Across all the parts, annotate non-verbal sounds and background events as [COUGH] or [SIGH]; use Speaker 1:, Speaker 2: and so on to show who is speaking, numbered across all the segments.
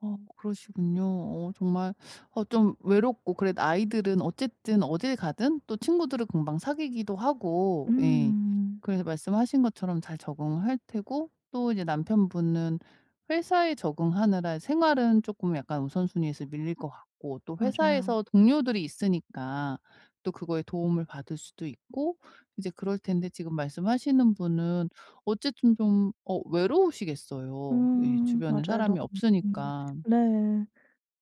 Speaker 1: 어 그러시군요. 어 정말 어 좀 외롭고 그래도 아이들은 어쨌든 어딜 가든 또 친구들을 금방 사귀기도 하고 예
Speaker 2: 음.
Speaker 1: 그래서 말씀하신 것처럼 잘 적응할 테고 또 이제 남편분은 회사에 적응하느라 생활은 쪼끔 약간 우선순위에서 밀릴 것 같고 또
Speaker 2: 맞아요.
Speaker 1: 회사에서 동료들이 있으니까 또 그거에 도움을 받을 수도 있고 이제 그럴 텐데 지금 말씀하시는 분은 어쨌든 좀 어 외로우시겠어요 예
Speaker 2: 음.
Speaker 1: 주변에
Speaker 2: 맞아요.
Speaker 1: 사람이
Speaker 2: [UNINTELLIGIBLE]
Speaker 1: 없으니까.
Speaker 2: 네.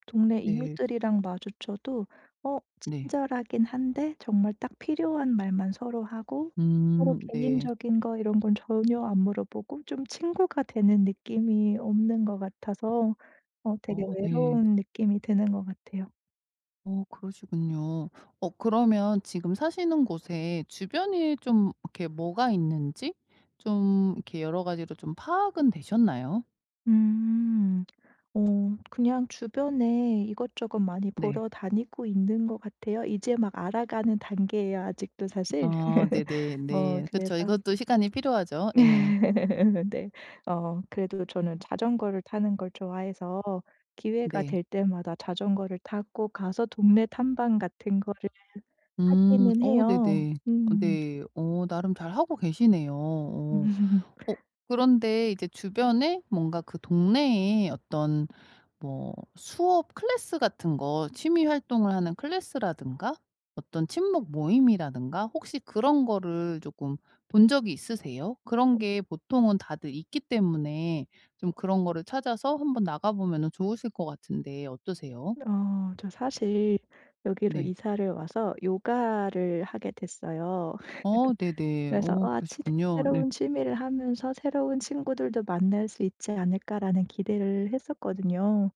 Speaker 2: 동네
Speaker 1: 네.
Speaker 2: 이웃들이랑 마주쳐도 어
Speaker 1: 네.
Speaker 2: 친절하긴 한데 정말 딱 필요한 말만 서로 하고 서로
Speaker 1: 음. 네.
Speaker 2: 개인적인 거 이런 건 전혀 안 물어보고 좀 친구가 되는 느낌이 없는 것 같아서 어 되게
Speaker 1: 어 네.
Speaker 2: 외로운 느낌이 드는 것 같아요.
Speaker 1: 어 그러시군요. 어 그러면 지금 사시는 곳에 주변에 좀 이렇게 뭐가 있는지 좀 이렇게 여러 가지로 좀 파악은 되셨나요?
Speaker 2: 음. 어 그냥 주변에 이것저것 많이
Speaker 1: 네.
Speaker 2: 보러 다니고 있는 것 같아요. 이제 막 알아가는 단계예요 아직도 사실.
Speaker 1: 아
Speaker 2: [LAUGHS]
Speaker 1: 네네
Speaker 2: 어
Speaker 1: 네. 그쵸.
Speaker 2: 그래서
Speaker 1: 이것도 시간이 필요하죠. 예.
Speaker 2: [LAUGHS] 네. 어 그래도 저는 자전거를 타는 걸 좋아해서 기회가
Speaker 1: 네.
Speaker 2: 될 때마다 자전거를 타고 가서 동네 탐방 같은 거를
Speaker 1: 음.
Speaker 2: 하기는
Speaker 1: 어
Speaker 2: 해요.
Speaker 1: 네네.
Speaker 2: 음.
Speaker 1: 네. 어 나름 잘 하고 계시네요. 어.
Speaker 2: [LAUGHS]
Speaker 1: 어 그런데 이제 주변에 뭔가 그 동네에 어떤 뭐 수업 클래스 같은 거 취미 활동을 하는 클래스라든가 어떤 친목 모임이라든가 혹시 그런 거를 쪼끔 본 적이 있으세요? 그런
Speaker 2: 어.
Speaker 1: 게 보통은 다들 있기 때문에 좀 그런 거를 찾아서 한번 나가보면은 좋으실 것 같은데 어떠세요?
Speaker 2: 어. 저 사실 여기로
Speaker 1: 네.
Speaker 2: 이사를 와서 요가를 하게 됐어요.
Speaker 1: 어
Speaker 2: [LAUGHS]
Speaker 1: 네네.
Speaker 2: 그래서
Speaker 1: 어
Speaker 2: '아 치드
Speaker 1: 그러시군요. 네.
Speaker 2: 새로운 취미를 하면서 새로운 친구들도 만날 수 있지 않을까?'라는 기대를 했었거든요.